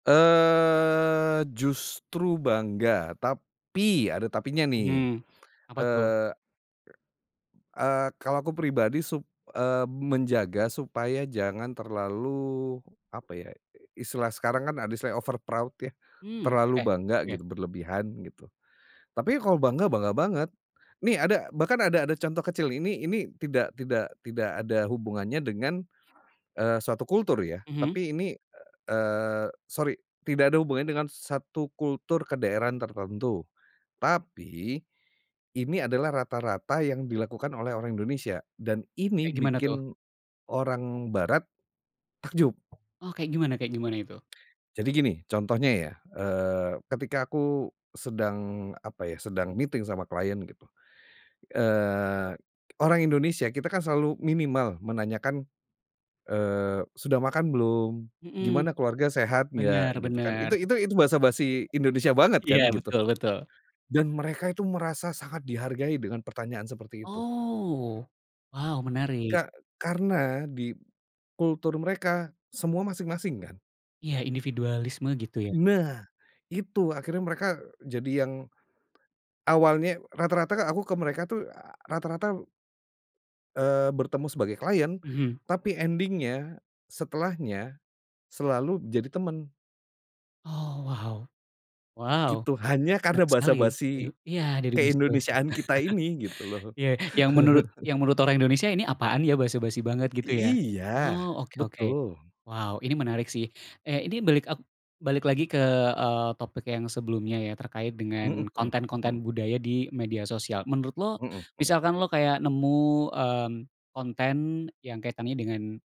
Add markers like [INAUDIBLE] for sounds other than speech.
Eee, justru bangga, tapi ada tapinya nih, Mhm, apa tuh? eee eee, kalau aku pribadi suk eee, menjaga supaya jangan terlalu apa ya, istilah sekarang kan ada istilah overproud ya Hmm terlalu oke bangga oke. gitu, berlebihan gitu. Tapi kalau bangga, bangga banget. Nih ada bahkan ada ada contoh kecil, ini ini tidak tidak tidak ada hubungannya dengan, eee, suatu kultur ya Mhm. tapi ini, eee, sorry, tidak ada hubungannya dengan satu kultur kedaerahan tertentu, tapi ini adalah rata-rata yang dilakukan oleh orang Indonesia, dan ini Kayak gimana tuh? bikin orang barat takjub. Oh kayak gimana kayak gimana itu? Jadi gini contohnya ya, eee, ketika aku sedang apa ya, sedang meeting sama klien, eee, orang Indonesia, kita kan selalu minimal menanyakan, eee, "Sudah makan belum? Mhm. Gimana keluarga sehat Benar nggak?" gitu kan, benar. itu itu itu basa-basi Indonesia banget Iya kan gitu, betul betul. dan mereka itu merasa sangat dihargai dengan pertanyaan seperti itu. Oh, wow menarik. Ka karena di kultur mereka, semua masing-masing kan? Iya, individualisme gitu ya? Nah itu akhirnya mereka jadi yang awalnya rata-rata aku ke mereka tuh, rata-rata eee, bertemu sebagai klien Mhm. tapi ending-nya, setelahnya, selalu jadi teman. Oh wow! Wow! Gitu, hanya karena Menarik basa sekali. Eee, basi iya dari basa basi. ke-Indonesiaan kita ini gitu [CHUCKLES] loh. Ya yang menurut [CHUCKLES] yang menurut orang Indonesia ini apaan ya, basa basi banget gitu I ya? iya Oh oke oke. betul. Wow ini menarik sih. Eh ini balik ek balik lagi ke, eee, topik yang sebelumnya ya, terkait Mhm dengan konten-konten mhm. budaya di media sosial. Menurut lo, Mhm mhm. misalkan lo kayak nemu, eee, konten yang kaitannya dengan